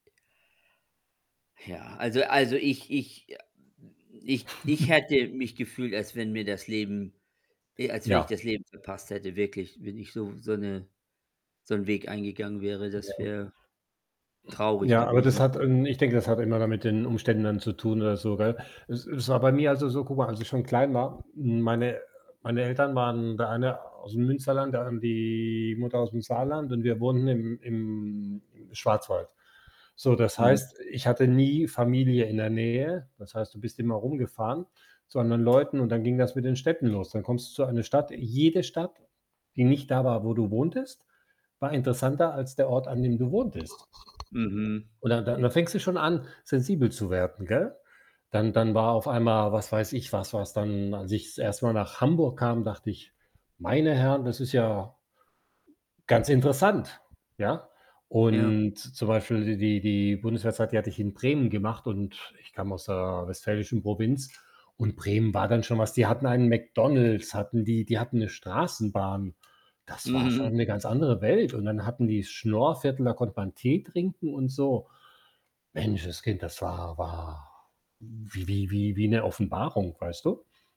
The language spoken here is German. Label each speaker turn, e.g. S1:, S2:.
S1: Ja, also also, ich ich a ich ich hätte mich gefühlt, als wenn mir das Leben e als wenn ich
S2: Ja.
S1: das Leben verpasst hätte, wirklich, wenn ich so so 'ne so 'n Weg eingegangen wäre,
S2: Ja.
S1: das wäre traurig
S2: Ja, aber das
S1: gewesen.
S2: hat ähm, ich denke, das hat immer mit den Umständen dann zu tun oder so, gell? Es es war bei mir also, so, guck mal, als ich schon klein war meine meine Eltern waren der eine aus'm Münsterland, der an die Mutter aus'm Saarland und wir wohnten im im im Schwarzwald. So, das
S1: Mhm.
S2: heißt, ich hatte nie Familie in der Nähe. Das heißt, du bist immer rumgefahren zu anderen Leuten und dann ging das mit den Städten los. Dann kommst du zu eine Stadt jede Stadt, die nicht da war, wo du wohntest, war interessanter als der Ort, an dem du wohntest.
S1: Mhm.
S2: Und da da und da fängst du schon an, sensibel zu werden, gell? Dann dann war auf einmal, was weiß ich was was, dann als ich das 1. Mal nach Hamburg kam, dachte ich: „Meine Herren, das ist ja“ „ganz interessant.“ Ja?
S1: Ja.
S2: Und, zum Beispiel die die Bundeswehrzeit, die hatte ich in Bremen gemacht und ich kam aus der westfälischen Provinz und Bremen war dann schon was. Die hatten einen McDonald's, hatten die. Die hatten 'ne Straßenbahn. Das war schon
S1: Mhm.
S2: 'ne ganz andere Welt und dann hatten die das Schnoorviertel, da konnte man Tee trinken und so. Menschenskind, das war war wie wie wie wie 'ne Offenbarung, weißt du?